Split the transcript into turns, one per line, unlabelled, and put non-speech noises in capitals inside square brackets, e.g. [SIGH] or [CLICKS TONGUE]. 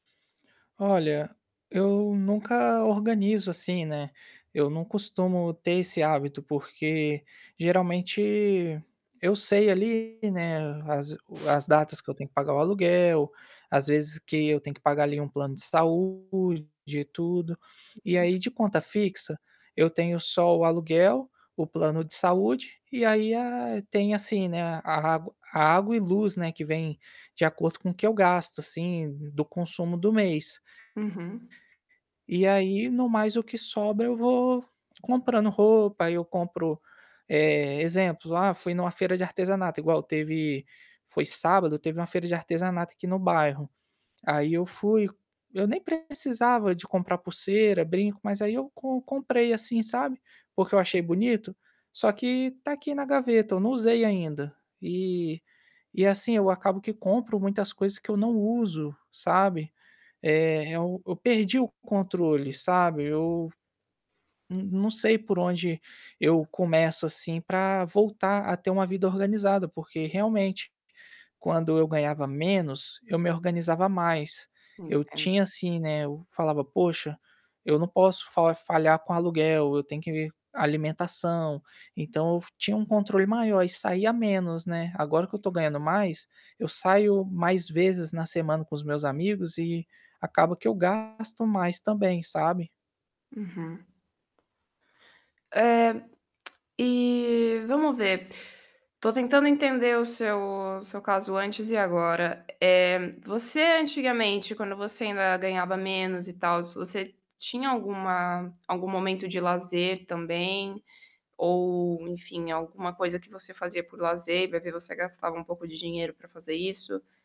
Olha, eu nunca organizo, assim, né, eu não costumo ter esse hábito, porque geralmente eu sei ali, né, as as datas que eu tenho que pagar o aluguel, às vezes, que eu tenho que pagar ali um plano de saúde, tudo. E
Uhum.
aí, de conta fixa, eu tenho só o aluguel, o plano de saúde, e aí a tem assim, né, a a água a água e luz, né, que vem de acordo com o que eu gasto assim do consumo do mês.
Uhum.
E aí, no mais, o que sobra eu vou comprando roupa, aí eu compro, eh, exemplos, ah, fui em uma feira de artesanato, igual teve, foi sábado, teve uma feira de artesanato aqui no bairro. Aí eu fui eu nem precisava de comprar pulseira, brinco, mas aí eu com comprei, assim, sabe, porque eu achei
[UNINTELLIGIBLE]
bonito. Só que está aqui na gaveta, eu não usei ainda. E e, assim, eu acabo que compro muitas coisas que eu não uso, sabe. Eh, eu eu perdi o controle, sabe. Eu, não não sei por onde eu começo, assim, para voltar a ter uma vida organizada. Porque, realmente, quando eu ganhava menos, eu me organizava mais. Eu
Entendo.
tinha, assim, né, o eu falava: "Poxa, eu não posso fa falhar com aluguel, eu tenho que alimentação". Então eu f tinha um controle maior e saía menos, né. Agora que eu estou ganhando mais, eu saio mais vezes na semana com os meus amigos e acaba que eu gasto mais também, sabe.
Uhum. Eh. [CLICKS TONGUE] E, vamos ver. Estou tentando entender o seu o seu caso antes e agora. Eh, você, antigamente, quando você ainda ganhava menos e tals, você tinha alguma algum momento de lazer também, ou enfim alguma coisa que você fazia por lazer e vai ver você gastava um pouco de dinheiro para fazer isso?